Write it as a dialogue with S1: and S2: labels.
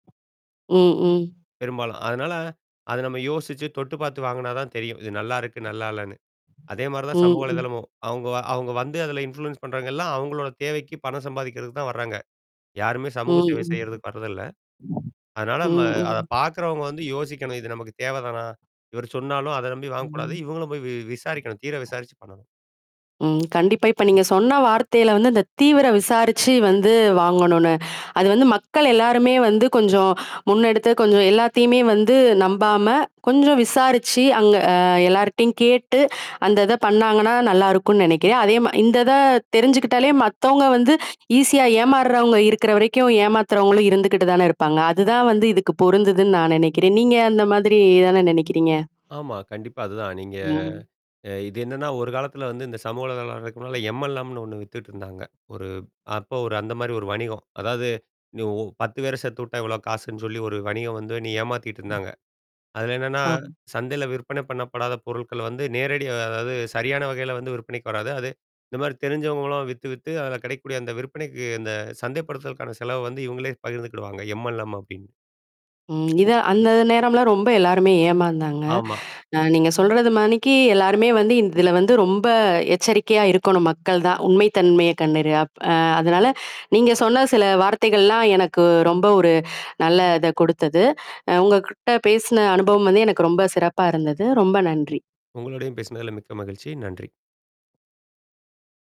S1: ம், ம்.
S2: பெரும்பாலும். அதனால, அத நம்ப யோசிச்சு, தொட்டு பாத்து வாங்குனாதான் தெரியும். இது நல்லாருக்கு, நல்லா இல்லன்னு. அதே மாரிதான்
S1: ம்.
S2: சமூக
S1: ம்.
S2: வலைத்தளமும். அவுங்க வ அவுங்க வந்து அதுல இன்ஃப்ளூயன்ஸ் பண்றவங்க எல்லாம் அவங்களோட தேவைக்கு, பணம் சம்பாதிக்கிறதுக்குத் தான் வர்றாங்க. யாருமே சமூக சேவை
S1: ம், ம்.
S2: செய்யறதுக்கு வர்றது இல்ல. அதனால நம்ம
S1: ம், ம்.
S2: அதப் பாக்கிறவங்க வந்து யோசிக்கணும் இது நமக்குத் தேவைதானா? இவரு சொன்னாலும் அதை நம்பி வாங்கக் கூடாது.
S1: ம்.
S2: இவுங்களும் போய் வி-விசாரிக்கணும். தீர விசாரிச்சு பண்ணணும்.
S1: ம், கண்டிப்பா, இப்ப நீங்கச் சொன்ன வார்த்தையில வந்து, இந்தத் தீவிர விசாரிச்சு வந்து, வாங்கணும்னு. அது வந்து மக்கள் எல்லாருமே வந்து கொஞ்சம் முன்னெடுத்து, கொஞ்சம் எல்லாத்தையுமே வந்து நம்பாம, கொஞ்சம் விசாரிச்சு அங்க ஆ எல்லார்ட்டயும் கேட்டு, அந்ததை பண்ணாங்கன்னா, நல்லா இருக்கும்ன்னு நினைக்கிறேன். அதே மா இந்தத தெரிஞ்சுக்கிட்டாலே, மத்தவங்க வந்து ஈஸியா ஏமாறவங்க இருக்கிற வரைக்கும் ஏமாத்துறவங்களும் இருந்துகிட்டுதானே இருப்பாங்க! அதுதான் வந்து இதுக்கு பொருந்துதுன்னு நான் நெனைக்கிறேன். நீங்க அந்த மாதிரி எதானே நெனைக்கிறீங்க?
S2: ஆமா, கண்டிப்பா அதுதான். நீங்க
S1: ம்.
S2: அ இது என்னான்னா, ஒரு காலத்துல வந்து இந்தச் சமூக வலைத்தளம்லாம் வர்றதுக்கு முன்னால எம்-எல்-எம்ன்னு ஒண்ணு வித்துட்டு இருந்தாங்க. ஒரு அப்ப ஒரு அந்த மாரி ஒரு வணிகம். அதாவது, நீ ஒ 10 பேர சேத்துவுட்டா, இவ்வளோ காசுன்னு சொல்லி, ஒரு வணிகம் வந்து நீ ஏமாத்திட்டு இருந்தாங்க. அதுல என்னான்னா,
S1: ஆமா.
S2: சந்தையில விற்பனை பண்ணப்படாத பொருள்கள வந்து நேரடியா அதாவது, சரியான வகையில வந்து விற்பனைக்கு வராது. அது இந்த மாரி தெரிஞ்சவங்களாம் வித்து, வித்து அதுல கெடைக்கக்கூடிய அந்த விற்பனைக்கு அந்த சந்தைப்படுத்துதலுக்கான செலவ வந்து இவுங்களே பகிர்ந்துக்கிடுவாங்க "எம்-எல்-எம்" அப்டின்னு.
S1: ம், இத அந்த த நேரம்லாம் ரொம்ப எல்லாருமே ஏமாந்தாங்க.
S2: ஆமா.
S1: அ நீங்கச் சொல்றது மாதிரிக்கு எல்லாருமே வந்து, இதுல வந்து ரொம்ப எச்சரிக்கையா இருக்கணும், மக்கள் தான். உண்மை தன்மைய கண்டறிய. அப் அ அதனால நீங்க சொன்ன சில வார்த்தைகள்லாம் எனக்கு ரொம்ப ஒரு நல்ல இத கொடுத்தது. உங்ககிட்ட பேசின அனுபவம் வந்து எனக்கு ரொம்ப சிறப்பா இருந்தது. ரொம்ப நன்றி!
S2: உங்களுடையும் பேசுனதுல, மிக்க மகிழ்ச்சி. நன்றி.